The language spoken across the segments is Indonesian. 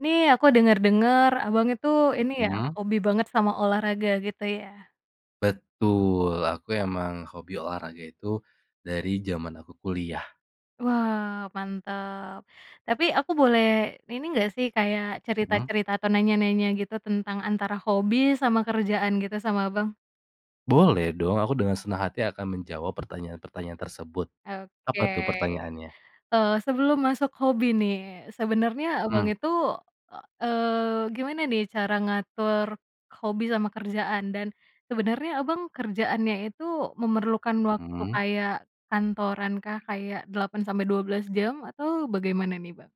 Nih, aku denger-denger, Abang itu [unintelligible] ini ya Mhm. hobi banget sama olahraga gitu ya? Betul, aku emang hobi olahraga itu dari zaman aku kuliah. Wah, mantap. Tapi aku boleh ini enggak sih kayak Mmm. cerita-cerita atau nanya-nanya gitu tentang antara hobi sama kerjaan gitu sama Abang? Boleh dong, aku dengan senang hati akan menjawab pertanyaan-pertanyaan tersebut. Oke. Apa tuh pertanyaannya? Eee, sebelum masuk hobi nih. Sebenernya Abang Mhm. itu, e eee, gimana nih cara ngatur hobi sama kerjaan? Dan sebenarnya Abang kerjaannya itu memerlukan waktu Mmm. kayak kantorankah, kayak 8 sampai 12 jam atau bagaimana nih, Bang?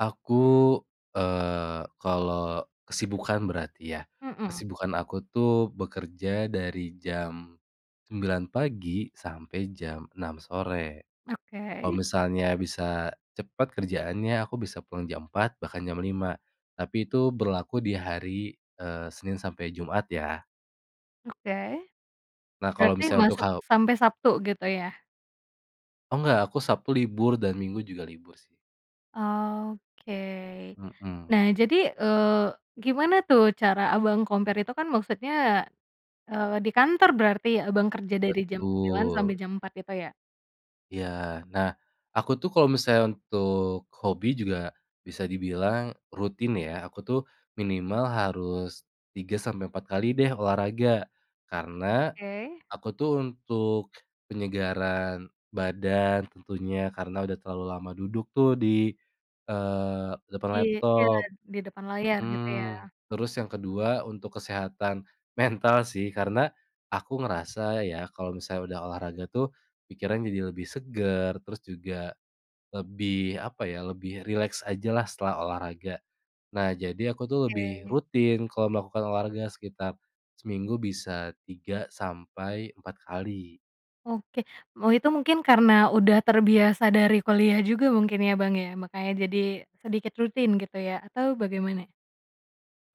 Aku, eee, kalau kesibukan berarti ya. Mhm. Kesibukan aku tuh bekerja dari jam 9.00 pagi sampai jam 6.00 sore. Kalau Oke. misalnya bisa cepat kerjaannya aku bisa pulang jam 4.00, bahkan jam 5.00. Tapi itu berlaku di hari, eee, Senin sampai Jumat ya. Oke. Nah, kalau Berarti misalnya untuk masuk halb sampai Sabtu, gitu ya? Enggak, aku Sabtu libur, dan Minggu juga libur sih. Oke. Mhm. Nah, jadi, eee, gimana tuh cara Abang compare itu kan maksudnya ya, eee, di kantor berarti Abang kerja dari jam 9.00 sampai Betul. jam 4.00 itu ya? Iya. Nah, aku tuh kalau misalnya untuk hobi juga bisa dibilang rutin ya, aku tuh minimal harus 3 sampai 4 kali deh olahraga. Karena Oke. aku tuh untuk penyegaran badan tentunya, karena udah terlalu lama duduk tuh di eee, depan Di iya, laptop di depan layar, gitu ya. mhm. Terus yang kedua untuk kesehatan mental sih, karena aku ngerasa ya kalau misalnya udah olahraga tuh pikiran jadi lebih segar, terus juga lebih apa ya, lebih rileks ajalah setelah olahraga. Nah, jadi aku tuh lebih Oke. rutin kalau melakukan olahraga sekitar seminggu bisa 3 sampai 4 kali. Oke. Me itu mungkin karena udah terbiasa dari kuliah juga mungkin ya Bang ya, makanya jadi sedikit rutin gitu ya, atau bagaimana?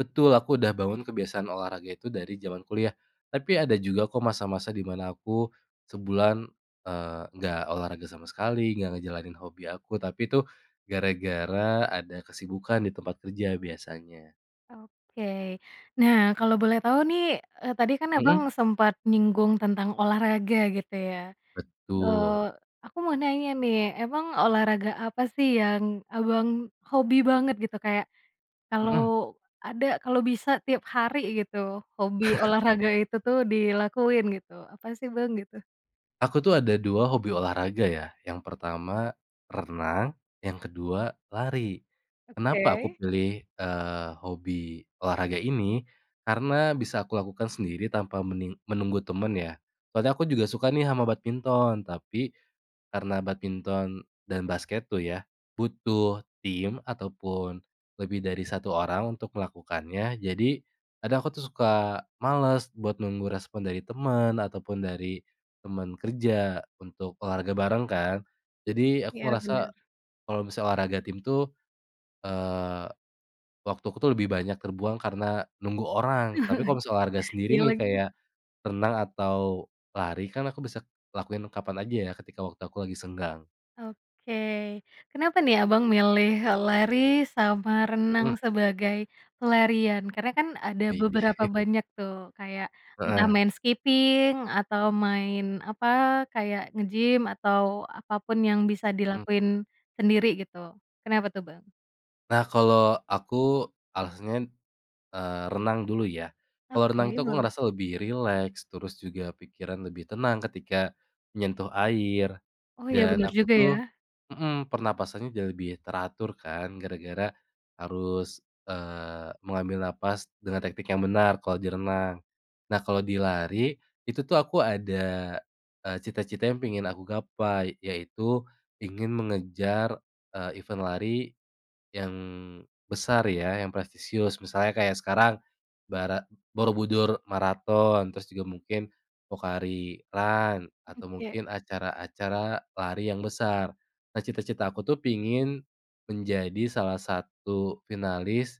Betul, aku udah bangun kebiasaan olahraga itu dari zaman kuliah. Tapi ada juga kok masa-masa di mana aku sebulan, eee, enggak olahraga sama sekali, enggak ngejalanin hobi aku. Tapi itu gara-gara ada kesibukan di tempat kerja biasanya. Oke. Nah, kalau boleh tahu nih, eee, tadi kan Abang Mhm. sempat nyinggung tentang olahraga, gitu ya. Betul. Eee, aku mau nanya nih, emang olahraga apa sih yang Abang hobi banget, gitu, kayak Mhm. kalau ada kalau bisa tiap hari, gitu, hobi olahraga itu tuh dilakuin, gitu. Apa sih, Bang, gitu? Aku tuh ada 2 hobi olahraga ya, yang pertama renang, yang ke-2 lari. Kenapa aku Oke. pilih, eee, hobi olahraga ini? Karena bisa aku lakukan sendiri tanpa mening menunggu teman ya. Soalnya aku juga suka nih sama badminton, tapi karena badminton dan basket tuh ya butuh tim ataupun lebih dari 1 orang untuk melakukannya, jadi kadang aku tuh suka malas buat nunggu respon dari teman ataupun dari teman kerja untuk olahraga bareng kan. Jadi aku Iya, ngerasa benar. kalau misalnya olahraga tim tuh, eee, waktu aku tuh lebih banyak terbuang karena nunggu orang. Tapi kalau misalnya olahraga sendiri Iya, nih, lagi. kayak renang atau lari, kan aku bisa lakuin kapan aja ya ketika waktu aku lagi senggang. Oke. Kenapa nih, Abang milih lari sama renang Mhm. sebagai pelarian? Karena kan ada Maybe. beberapa banyak tuh, kayak entah Heeh. main skipping atau main apa, kayak nge-gym atau apa pun yang bisa Mmm. dilakuin sendiri gitu. Kenapa tuh, Bang? Nah, kalo aku alasannya, eee, renang dulu ya. Kalo renang itu Oke. aku Boleh. ngerasa lebih rileks, terus juga pikiran lebih tenang ketika menyentuh air, Oh, ya. dan Bener aku juga tuh ya. mhm, pernapasannya jauh lebih teratur kan gara-gara harus, eee, mengambil napas dengan teknik yang benar kalo di renang. Nah, kalo di lari, itu tuh aku ada, eee, cita-cita yang pengen aku gapai, yaitu ingin mengejar, eee, event lari yang besar ya, yang prestisius. Misalnya kayak sekarang bara Borobudur Marathon, terus juga mungkin Pocari Run, Mhm, atau kayak? mungkin acara-acara lari yang besar. Nah, cita-cita aku tuh pengin menjadi salah satu finalis,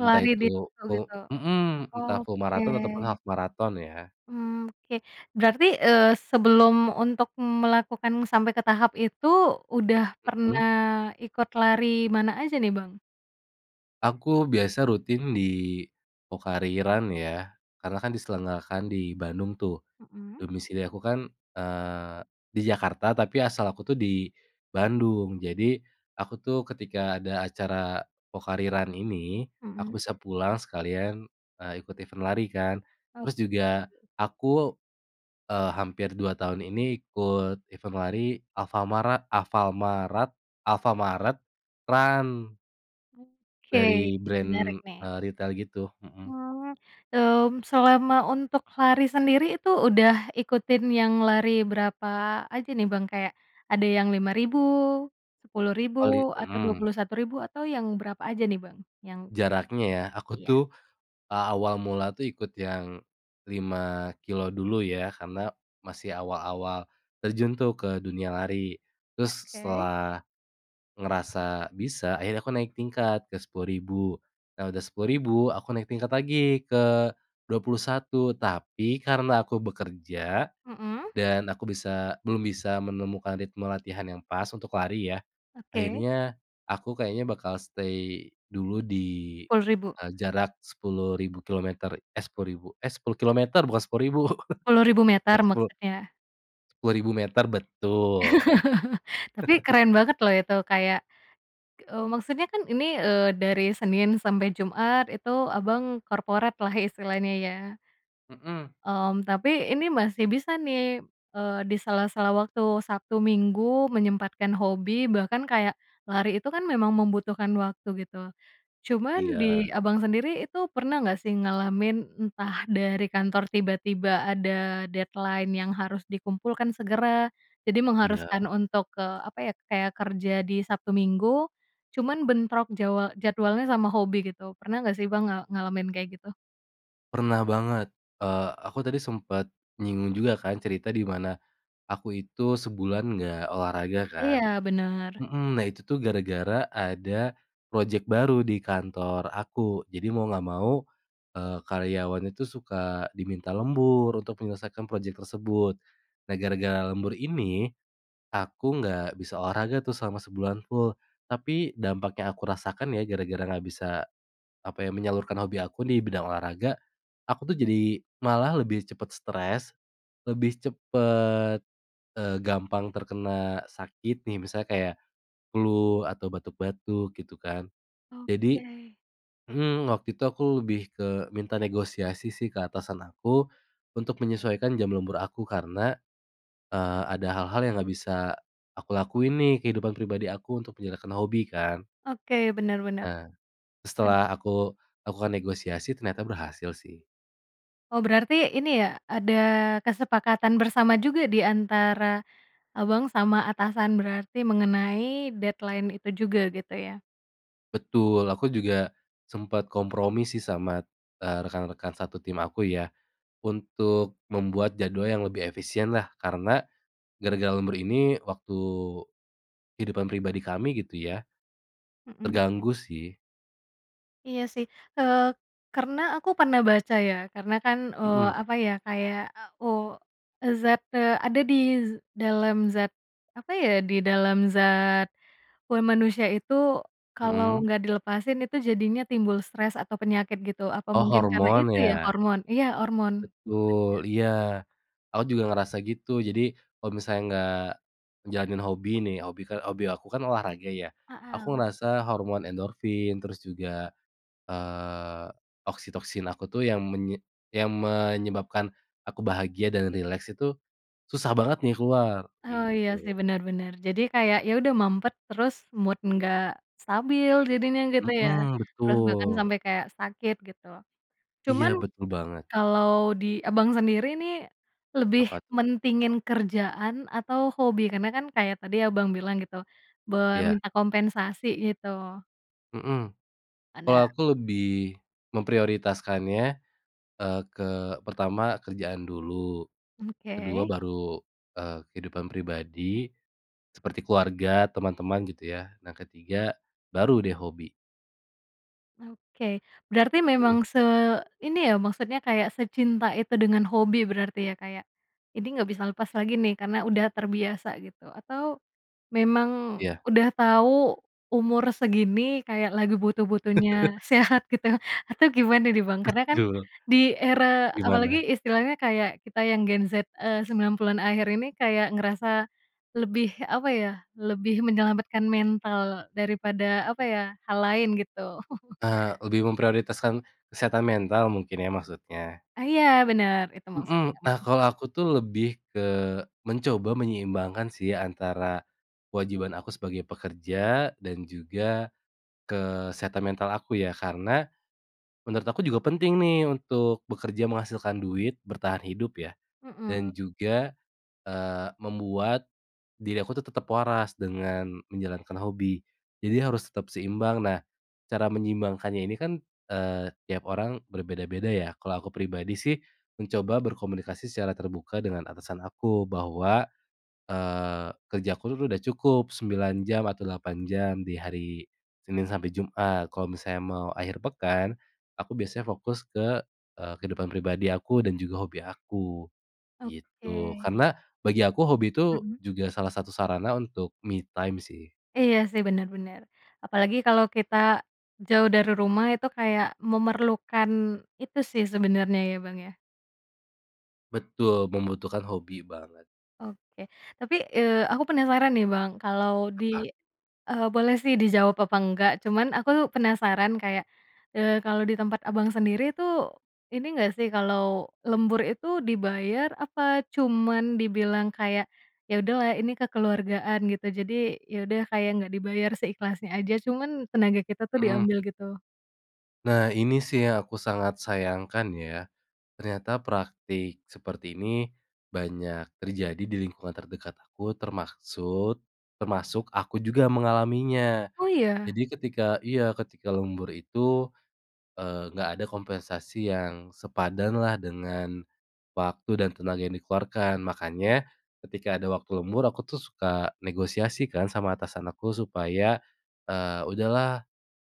entah Lari di itu situ full gitu? mhm, entah full Oke. marathon ataupun half marathon ya. Mmm, oke. Berarti, eee, sebelum untuk melakukan sampai ke tahap itu udah pernah Mhm. ikut lari mana aja nih, Bang? Aku biasa rutin di Pocari Run ya, karena kan diselenggarakan di Bandung tuh. Mhm. Domisili aku kan, eee, di Jakarta tapi asal aku tuh di Bandung. Jadi aku tuh ketika ada acara Pocari Run ini, aku Mhm. bisa pulang sekalian, eee, ikut event lari kan. Terus juga Oke. aku, eee, hampir 2 tahun ini ikut event lari, alfamara alfalmarat Alfamart Run. Oke, Dari menarik brand, nih. eee, ritel gitu, mhm. Mhm, mmm, selama untuk lari sendiri itu udah ikutin yang lari berapa aja nih, Bang? Kayak ada yang 5.000, 10.000, Oli atau dua mhm. puluh satu ribu atau yang berapa aja nih, Bang? Yang Jaraknya [unintelligible] ya? Aku tuh Iya. a awal mula tuh ikut yang 5 kilometer dulu ya karena masih awal-awal terjun tuh ke dunia lari. Terus Oke. setelah ngerasa bisa akhirnya aku naik tingkat ke 10.000. Nah, udah 10.000 aku naik tingkat lagi ke 21 tapi karena aku bekerja Mhm. dan aku bisa belum bisa menemukan ritme latihan yang pas untuk lari ya. Oke. Akhirnya aku kayaknya bakal stay dulu di, Sepuluh ribu? eee, jarak 10.000 kilometer eh, 10.000 eh 10 kilometer bukan 10.000. Sepuluh ribu meter Ya sepul maksudnya? sepuluh ribu meter, betul. Tapi keren banget loh itu kayak, eee, maksudnya kan ini, eee, dari Senin sampe Jumat itu Abang, corporate lah istilahnya ya. Mhm. Mmm, tapi ini masih bisa nih, eee, di sela-sela waktu Sabtu, Minggu menyempatkan hobi bahkan kayak lari itu kan memang membutuhkan waktu gitu. Cuman di Iya. Abang, sendiri itu pernah nggak sih ngalamin entah dari kantor tiba-tiba ada deadline yang harus dikumpulkan segera. Jadi Iya. mengharuskan untuk, ke apa ya, kayak kerja di Sabtu, Minggu cuman bentrok jawa jadwalnya sama hobi gitu pernah nggak sih, Bang, nga ngalamin kayak gitu? Pernah banget, eee, aku tadi sempet nyinggung juga kan cerita di mana aku itu sebulan nggak olahraga kan. Iya, bener. Mhm, nah itu tuh gara-gara ada project baru di kantor aku, jadi mau nggak mau, eee, karyawan itu suka diminta lembur untuk menyelesaikan project tersebut. Nah, gara-gara lembur ini aku nggak bisa olahraga tuh selama sebulan full. Tapi dampak yang aku rasakan ya gara-gara nggak bisa, apa ya, menyalurkan hobi aku di bidang olahraga, aku tuh jadi malah lebih cepat stres, lebih cepet, eee, gampang terkena sakit nih, misalnya kayak flu atau batuk-batuk gitu kan. Jadi Oke. mhm, waktu itu aku lebih ke minta negosiasi sih ke atasan aku untuk menyesuaikan jam lembur aku karena, eee, ada hal-hal yang nggak bisa aku lakuin nih kehidupan pribadi aku untuk menyalurkan hobi kan. Oke, bener bener. Nah, Ad setelah aku lakukan negosiasi ternyata berhasil sih. Oh, berarti ini ya ada kesepakatan bersama juga di antara, Abang, sama atasan berarti mengenai deadline itu juga gitu ya? Betul, aku juga sempet kompromi sih sama, eee, rekan-rekan satu tim aku ya, untuk membuat jadwal yang lebih efisien lah, karena gara-gara lembur ini waktu kehidupan pribadi kami gitu ya, Mhm. terganggu sih. Iya sih, eee, karena aku pernah baca ya karena kan, eee, Mhm. apa ya kayak o zat, eee, ada di dalam zat apa ya di dalam zat, eee, manusia itu kalau Mhm. nggak dilepasin itu jadinya timbul stres atau penyakit gitu. Apa Oh, mungkin karena hormon itu ya ya? hormon iya, hormon. Betul, iya aku juga ngerasa gitu. Jadi kalo misalnya nggak jalanin hobi nih, hobi kan hobi aku kan olahraga ya, aku Hmm. ngerasa hormon endorfin, terus juga, eee, oksitoksin aku tuh yang menye yang menyebabkan aku bahagia dan rileks itu susah banget nih keluar, Oh iya sih, gitu. bener bener. Jadi kayak ya udah mampet terus mood nggak stabil jadinya gitu ya, Mhm, terus bahkan betul. sampe kayak sakit gitu. Iya, Cuman betul banget. kalau di Abang sendiri nih lebih Apa tuh? mentingin kerjaan atau hobi? Karena kan kayak tadi Abang bilang gitu boleh Iya. minta kompensasi gitu. Mhm, kalo Ada. aku lebih memprioritaskannya, eee, ke pertama kerjaan dulu, ke-2 Oke. baru, eee, kehidupan pribadi, seperti keluarga, teman-teman gitu ya. Nah, ke-3 baru deh hobi. Oke, berarti Mhm. memang se ini ya maksudnya kayak secinta itu dengan hobi berarti ya, kayak ini nggak bisa lepas lagi nih karena udah terbiasa gitu atau, memang Iya. udah tau umur segini kayak lagi butuh-butuhnya sehat gitu atau gimana nih, Bang? Karena kan Betul. di era apalagi Gimana? istilahnya kayak kita yang Gen Z, eee, 90-an akhir ini kayak ngerasa lebih apa ya, lebih menyelamatkan mental daripada apa ya, hal lain gitu. Eee, lebih memprioritaskan kesehatan mental mungkin ya maksudnya? Ah, iya bener itu maksudnya Mhm, nah Bang. kalau aku tuh lebih ke mencoba menyeimbangkan sih antara kewajiban aku sebagai pekerja dan juga kesehatan mental aku ya. Karena menurut aku juga penting nih untuk bekerja menghasilkan duit bertahan hidup ya Mhm. dan juga, eee, membuat diri aku tuh tetep waras dengan menjalankan hobi, jadi harus tetap seimbang. Nah, cara menyeimbangkannya ini kan, eee, tiap orang berbeda-beda ya. Kalau aku pribadi sih mencoba berkomunikasi secara terbuka dengan atasan aku bahwa, eee, kerja aku itu tuh udah cukup 9 jam atau 8 jam di hari Senin sampe Jumat. Kalo misalnya mau akhir pekan, aku biasanya fokus ke, eee, kehidupan pribadi aku dan juga hobi aku, gitu. Oke. Karena bagi aku hobi itu Mhm. juga salah satu sarana untuk me time sih. Iya sih, bener bener. Apalagi kalo kita jauh dari rumah itu kayak memerlukan itu sih sebenernya ya, Bang, ya. Betul, membutuhkan hobi banget. Oke, tapi, eee, aku penasaran nih, Bang, kalau Apa? di eee, boleh sih dijawab apa nggak, cuman aku penasaran kayak, eee, kalau di tempat Abang sendiri tuh ini nggak sih kalau lembur itu dibayar apa cuman dibilang kayak, "Ya udahlah ini kekeluargaan gitu?" Jadi ya udah kayak nggak dibayar seikhlasnya aja, cuman tenaga kita tuh Mhm. diambil gitu. Nah, ini sih yang aku sangat sayangkan ya. Ternyata praktik seperti ini banyak terjadi di lingkungan terdekat aku termaksud termasuk aku juga mengalaminya. Oh, iya? Jadi ketika iya ketika lembur itu, eee, nggak ada kompensasi yang sepadan lah dengan waktu dan tenaga yang dikeluarkan. Makanya ketika ada waktu lembur aku tuh suka negosiasi kan sama atasan aku supaya, eee, "Udah lah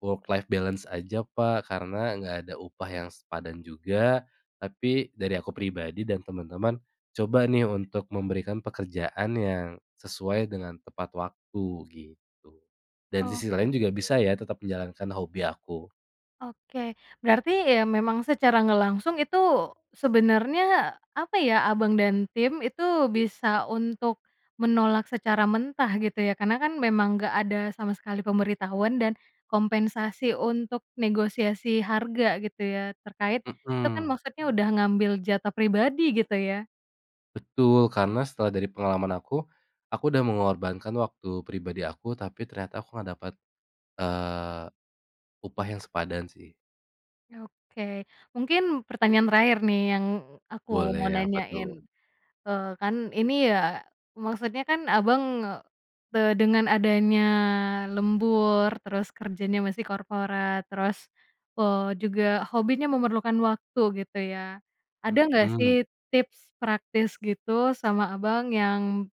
work life balance aja, Pak, karena nggak ada upah yang sepadan juga. Tapi dari aku pribadi dan temen-temen coba nih untuk memberikan pekerjaan yang sesuai dengan tepat waktu," gitu. Dan sisi Oke. lain juga bisa ya tetap menjalankan hobi aku. Oke. Berarti ya memang secara nggak langsung itu sebenarnya apa ya, Abang dan tim itu bisa untuk menolak secara mentah, gitu ya. Karena kan memang nggak ada sama sekali pemberitahuan dan kompensasi untuk negosiasi harga gitu ya terkait itu kan Hmm. maksudnya udah ngambil jatah pribadi, gitu ya. Betul, karena setelah dari pengalaman aku, aku udah mengorbankan waktu pribadi aku tapi ternyata aku nggak dapat, eee, upah yang sepadan sih. Oke. Mungkin pertanyaan terakhir nih yang aku mau Boleh, apa nanyain. tuh? Eee, kan ini ya, maksudnya kan Abang, te dengan adanya lembur, terus kerjanya masih korporat, terus, eee, juga hobinya memerlukan waktu, gitu ya, ada nggak sih Hmm. tips praktis gitu sama Abang yang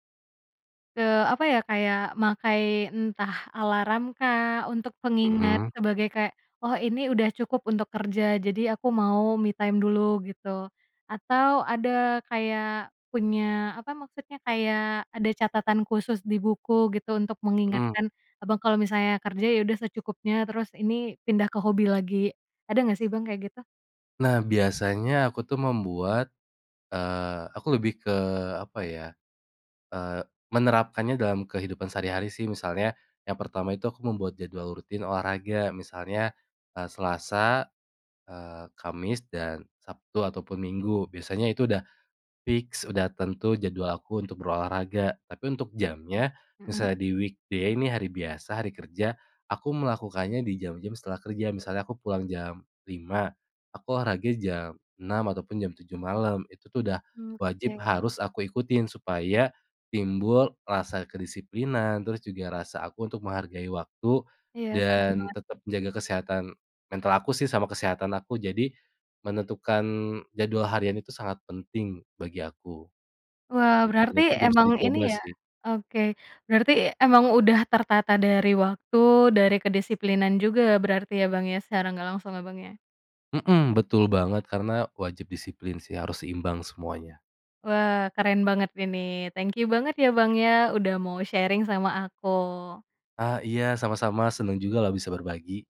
eee, apa ya, kayak makai entah alarmkah untuk pengingat Hmm. sebagai kayak, "Oh, ini udah cukup untuk kerja, jadi aku mau me time dulu," gitu. Atau ada kayak punya apa maksudnya, kayak ada catatan khusus di buku gitu untuk Mmm. mengingatkan Abang kalau misalnya kerja, ya udah secukupnya, terus ini pindah ke hobi lagi. Ada nggak sih, Bang, kayak gitu? Nah, biasanya aku tuh membuat eee, aku lebih ke apa ya, eee, menerapkannya dalam kehidupan sehari-hari sih. Misalnya yang pertama itu aku membuat jadwal rutin olahraga. Misalnya, eee, Selasa, eee, Kamis, dan Sabtu ataupun Minggu. Biasanya itu udah fix, udah tentu jadwal aku untuk berolahraga. Tapi untuk jamnya, Mhm. misalnya di weekday ini hari biasa, hari kerja, aku melakukannya di jam-jam setelah kerja, misalnya aku pulang jam 5:00, aku olahraga jam 6:00 ataupun jam 7:00 malam, itu tuh udah Mmm, wajib oke. harus aku ikutin supaya timbul rasa kedisiplinan, terus juga rasa aku untuk menghargai waktu Iya, setuju dan banget. tetap menjaga kesehatan mental aku sih sama kesehatan aku. Jadi menentukan jadwal harian itu sangat penting bagi aku Wah, gitu, dan berarti itu juga bisa emang ini dicoba ya sih. oke, berarti emang udah tertata dari waktu, dari kedisiplinan juga berarti ya, Bang, ya, secara nggak langsung Abangnya? Mhm, betul banget, karena wajib disiplin sih, harus seimbang semuanya. Wah, keren banget ini, thank you banget ya, Bang, ya udah mau sharing sama aku. Ah, iya, sama-sama, seneng juga loh bisa berbagi.